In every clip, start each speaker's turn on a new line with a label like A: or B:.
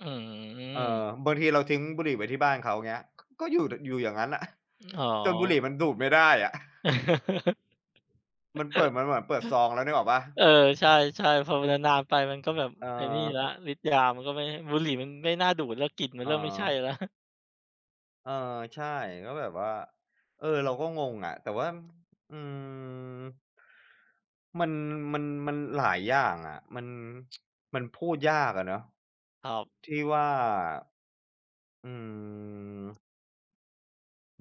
A: อื้อฮื
B: เออ
A: อ
B: บางทีเราทิ้งบุหรี่ไว้ที่บ้านเขา เงี้ย ก็อยู่ ด อยู่อย่างงั้นน่ะ
A: อ๋อ
B: จนบุหรี่มันดูดไม่ได้อะ มันเปิด มันแบบเปิดซองแล้ว นึกออกเปล่า?
A: เออ ใช่ ๆ พอมันนาน ๆ ไปมันก็แบบ
B: เ
A: ไอ้นี่แล้
B: ออ
A: ว ฤทธิ์ยามันก็ไม่ บุหรี่มันไม่น่าดูดแล้ว กลิ่นมั
B: เ
A: นเริ่มไม่ใช่
B: ออ
A: แล้ว
B: เออ ใช่ ก็แบบว่า เออ เราก็งงอะ แต่ว่า อืม มัน มัน มันหลายอย่างอะ มัน มันพูดยากอะเนาะ
A: ครับ
B: ที่ว่า อืม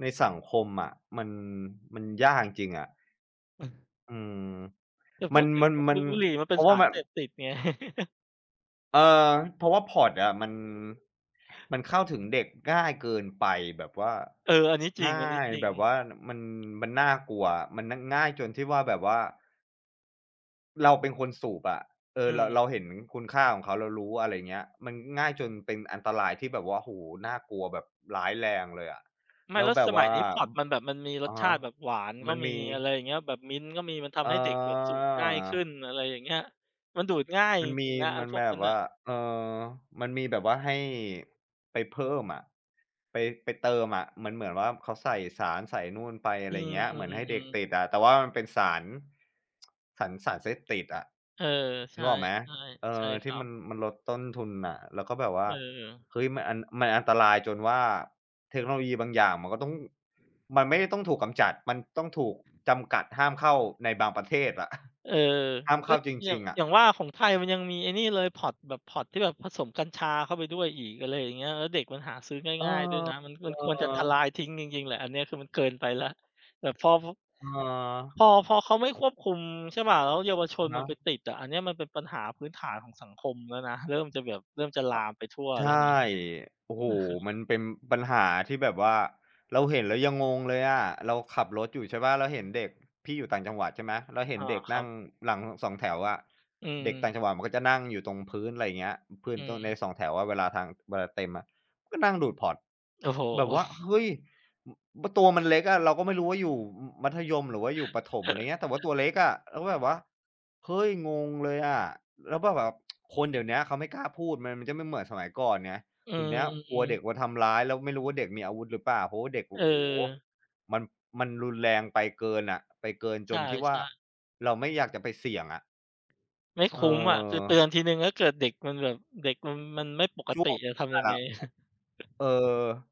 B: ในสังคมอะ มัน มันยากจริง ๆ อะ อืม
A: แต่
B: ม
A: พ
B: ั
A: ู
B: น
A: ดถึ
B: ม
A: ง
B: ัน
A: บ
B: มั
A: บ
B: น
A: ุ บุหรี่มันเ
B: เ
A: ป
B: พ
A: ็
B: ร
A: น
B: าะ
A: ส
B: ว่า
A: าร
B: แบ
A: เ
B: บ
A: สพติด ไง
B: เออ เพราะว่า pod อะมัน มันเข้าถึงเด็กง่ายเกินไปแบบว่า
A: เออ อันนี้จร
B: ง
A: ิ
B: ่
A: ง
B: า
A: อันนี้
B: ย
A: จริ
B: แบ
A: ง
B: บว่า น มัน มันน่ากลัว มัน น ง่ายจนที่ว่าแบบว่า เราเป็นคนสูบอะ เอ
A: อื
B: อ ระ
A: ม
B: เราเห็นคุณค่าของเขา เรารู้ อะไรเงี้ย มันง่ายจนเป็นอันตรายที่แบบว่า โอ้โฮ! น่ากลัวแบบร้ายแรงเลยอะ
A: ไม
B: แ
A: ่
B: ล้
A: แล
B: ว
A: ้ว
B: แบ
A: ส
B: บ
A: ม
B: ว
A: ั
B: ่
A: ย
B: า
A: นี้ pod มันแบบมันมีร
B: อ อ
A: ส
B: ะฮ
A: ชา
B: ะ
A: ติแบบหวานก
B: ม
A: ็
B: ัน
A: ม
B: ม
A: ี
B: ี
A: อะไรอย่างเงี้ย แบบ mint ก็มี มันทำให้เด็กแบบสูบง่ายขึ้
B: เออ
A: น อะไรอย่างเงี้ย มันดูดง่าย
B: ม
A: จ
B: ันม
A: ริ
B: ี
A: ง ๆ นะไอ้
B: มัน
A: พวก
B: แบ
A: นั้
B: บ
A: น
B: ว
A: น่
B: ่
A: ะ
B: า เอ่อ มันมีแบบว่าให้ไปเพิ่มอะ ไป ไปเติมอะ มันเหมือนว่า เขาใส่สารใส่นู่นไป อะ
A: อื
B: ไรเงี้ย เหมือนให้เด็ก
A: อ ๆ
B: ต
A: ๆ
B: ิดอะ แต่ว่ามันเป็นสาร สัน สารเสพติดอะ
A: เออ ใ
B: น
A: ช
B: ึ
A: ่
B: กออกไหม? เอ
A: ๆ ใช่
B: อ
A: ค
B: ที
A: ร
B: ่
A: ั
B: ม
A: บ
B: ัน มันลดต้นทุนน่ะ แล้วก็แบบว่
A: เ
B: า
A: ออ
B: เฮ้ย! มันอัน มันอันตรายจนว่าเทคโนโลยีบางอย่างมันก็ต้อง มันไม่ได้ต้องถูกกำจัด มันต้องถูกจำกัดห้ามเข้าในบางประเทศอะ
A: เออ
B: ห้ามเ
A: ก
B: ข
A: ็
B: ้าจ
A: อย่
B: ร
A: า
B: ิ
A: ง
B: ง ๆ อะ
A: อย่างว่าของไทยมันยังมีไอ้นี่เลย pod แบบ pod ที่แบบผสมกัญชาเข้าไปด้วยอีก อะไรอย่างเงี้ย แล้วเด็กมันหาซื้อ
B: เออ
A: ง่าย ๆ ด้วยนะ มัน มันควรจะทล
B: ๆ
A: ายทิ้งจริง ๆ แหละ อันเนี้ยคือมันเกินไปแล้ว แบบพอ พ
B: เ
A: พ
B: ออ
A: อ พอเขาไม่ควบคุม ใช่เปล่า แล้วเยาวชน
B: น
A: มันไป
B: ะ
A: ติดอะ อันเนี้ยมันเป็นปัญหาพื้นฐานของสังคมแล้วนะ เริ่มจะแบบเริ่มจะล
B: อ
A: า
B: า
A: มไปทั่ว
B: ใช
A: แล้วนะ
B: ่
A: อ
B: โอ้โฮ!
A: ะฮ
B: ม
A: ะ
B: ันเป็นปัญหาที่แบบว่าเราเห็นแล้วยังงงเลยอะ เราขับรถอยู่ ใช่เปล่า แล้วเห็นเด็ก พี่อยู่ต่างจังหวัดใช่ไหม แล้วเห็
A: อ
B: น
A: า
B: เด็ก
A: ค
B: น
A: รั
B: ั่
A: บ
B: งหลังสองแถวอะ
A: อื
B: เด็กต่า
A: อ
B: งจังหวัดมันก็จะนั่งอยู่ตรงพื้น ไรอย่างเงี้ย พืน
A: อื
B: ตน ใน
A: อ
B: สองแถวอะเวลาทาง เวลาเต็มอะ ก็นั่งดูด pod
A: โอ้โฮ!
B: แบบว่า เฮ้ย! อ บ ตัวมันเล็กอะ! เราก็ไม่รู้ว่าอยู่ อ มัธยม หรือว่าอยู่ประถม ไรเงี้ย แต่ว่าตัวเล็กอะ แล้วแบบว่า เฮ้ย! งงเลยอะ แล้วก็ แบบ คนเดี๋ยวเนี้ยเขาไม่กล้าพูด มันจะไม่เหมือนสมัยก่อนไง
A: อื
B: เดี๋ยวเนี้ยกลัว
A: อ
B: เด็ก
A: ๆ
B: มาทำร้าย แล้วไม่รู้ว่าเด็กมีอาวุธหรือเปล่า เพราะว่าเด็ก โอ
A: เ
B: ้โฮ!
A: ออ
B: มัน มันรุนแรงไปเกินน่ะ ไปเกิน
A: ใ
B: จ
A: ช
B: น
A: ่
B: ที่ว่า
A: ๆ
B: เราไม่อยากจะไปเสี่ยงอะ
A: ไม่
B: เ
A: คุ้มอะ คือเตือ
B: ออ
A: นทีหนึ่ง ถ้าเกิดเด็กมันแบบเด็กมัน มันไม่ปก
B: จ้
A: ติ
B: วง
A: จะท
B: ก็ต
A: ำ
B: า
A: ย
B: ย
A: ัง
B: แล
A: ไง?
B: ้ว เออ